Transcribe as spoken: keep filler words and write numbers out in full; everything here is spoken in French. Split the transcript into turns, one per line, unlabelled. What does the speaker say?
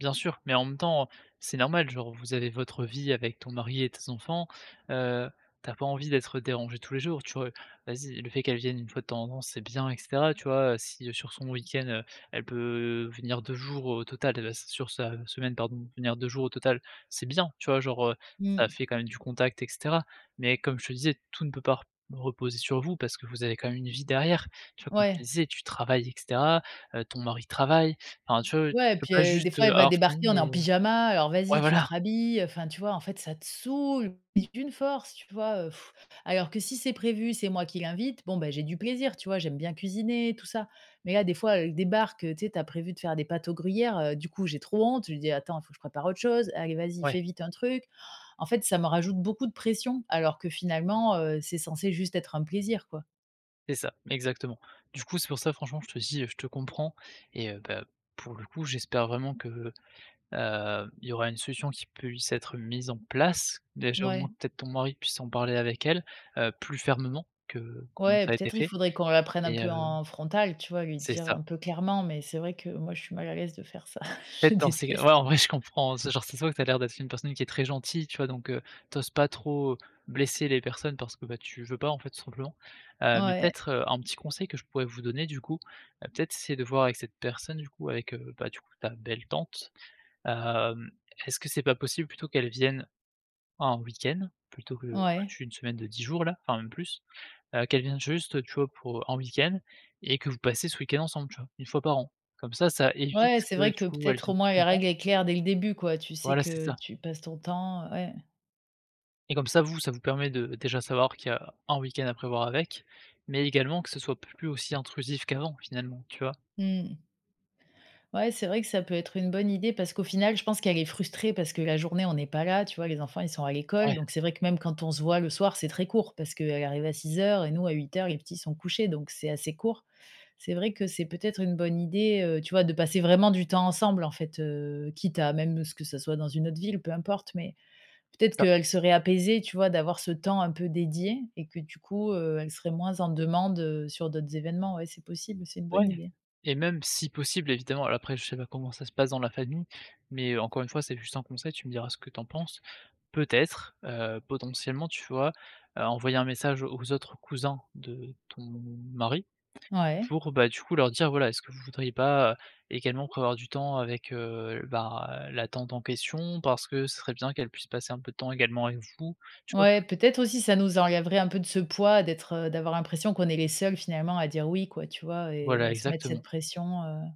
Bien sûr, mais en même temps, heu, c'est normal. Genre vous avez votre vie avec ton mari et tes enfants, heu, tu as pas envie d'être dérangée tous les jours, tu vois, heu? Vas-y. Le fait qu'elle vienne une fois de temps en temps c'est bien et cetera tu vois? Heu, si sur son week-end, heu, elle peut venir deux jours au total et bah sur sa semaine pardon, venir deux jours au total c'est bien, tu vois? Genre, heu, ça
Mmh.
fait quand même du contact et cetera. Mais comme je te disais tout ne peut par r reposer sur vous parce que vous avez quand même une vie derrière. Tu vois comme tu
Ouais.
disais tu travailles et cetera, heu, ton mari travaille, enfin tu vois?
Ouais,
Tu peux
puis,
pas
heu, des
juste,
fois,
heu,
elle va
avoir
débarquer,
fini
on est
et
en
heu
pyjama, alors
ouais
vas-y, tu te
voilà!
rhabilles, heu, enfin, tu vois? En fait, ça te saoule mais d'une force, tu vois? Heu, alors que si c'est prévu, c'est moi qui l'invite, bon, bah j'ai du plaisir, tu vois? J'aime bien cuisiner et tout ça. Mais là, des fois, elle débarque, heu, tu sais, tu as prévu de faire des pâtes aux gruyères, heu, du coup, j'ai trop honte. Je lui dis: «Attends, faut que je prépare autre chose». Allez, vas y,
Ouais.
fais vite un truc. En fait, ça me rajoute beaucoup de pression alors que finalement, heu, c'est censé juste être un plaisir quoi.
C'est ça exactement. Du coup c'est pour ça franchement je te dis, heu, je te comprends et heu, bah pour le coup j'espère vraiment que, heu, il y aura une solution qui puisse être mise en place. Déjà au moins
Ouais.
peut-être ton mari puisse en parler avec elle, heu, plus fermement que comme
Ouais,
ça a été
peut-être il
fait
faudrait qu'on la prenne un
et
peu
heu
en frontal, tu vois? Lui
c'est
dire
ça.
un peu clairement, mais c'est vrai que moi je suis mal à l'aise de faire ça, je
Fait en c'est ouais
déteste.
en vrai je comprends. C'est genre ça ce voit que ça l'air d'être une personne qui est très gentille, tu vois? Donc, heu, tu oses pas trop, heu, blesser les personnes parce que, bah tu veux pas en fait tout simplement. Heu, mais
Ouais.
peut-être, heu, un petit conseil que je pourrais vous donner du coup. Heu, peut-être c'est de voir avec cette personne du coup avec, heu, bah du coup ta belle tante. Hem, est-ce que c'est pas possible plutôt qu'elle vienne en week-end? Plutôt que
Ouais.
toute une semaine de dix jours là, enfin même plus. Heu, qu'elle vienne juste, heu, tu vois pour en week-end et que vous passez ce week-end ensemble tu vois? Une fois par an. Comme ça ça évite
Ouais c'est
que
vrai
du
que
coup elle
peut-être
vienne
au moins
plus
la
souvent.
règle est claire dès le début quoi, tu sais
Voilà c'est
que
ça.
tu passes ton temps, heu ouais.
Et comme ça, vous ça vous permet de déjà savoir qu'il y a un week-end à prévoir avec, mais également que ce soit plus aussi intrusif qu'avant, finalement, tu vois?
Mmh. Ouais, c'est vrai que ça peut être une bonne idée parce qu'au final je pense qu'elle est frustrée parce que la journée on n'est pas là tu vois? Les enfants, ils sont à l'école.
Ouais.
Donc c'est vrai que même quand on se voit le soir, c'est très court parce qu'elle arrive à six heures et nous à huit heures, les petits sont couchés, donc c'est assez court. C'est vrai que c'est peut-être une bonne idée, heu, tu vois, de passer vraiment du temps ensemble, en fait, heu, quitte à même, heu, ce que ce soit dans une autre ville, peu importe. Mais peut être
Ça
qu'elle serait apaisée, tu vois, d'avoir ce temps un peu dédié et que du coup, heu, elle serait moins en demande, heu, sur d'autres événements, ouais, c'est possible, c'est une
Ouais
bonne idée.
et même si possible évidemment alors après je sais pas comment ça se passe dans la famille, mais encore une fois c'est juste un conseil, tu me diras ce que tu en penses. Peut-être, heu, potentiellement tu vois, heu, envoyer un message aux autres cousins de ton mari?
Ouais.
Pour bah, du coup leur dire: «Voilà est-ce que vous voudriez pas, heu, également prévoir du temps avec, heu, bah la tante en question? Parce que ce serait bien qu'elle puisse passer un peu de temps également avec vous», tu vois?
Ouais peut-être aussi ça nous enlèverait un peu de ce poids d'être, heu d'avoir l'impression qu'on est les seuls finalement à dire: «Oui» quoi, tu vois? Et
Voilà
à se mettre cette
exactement.
pression heu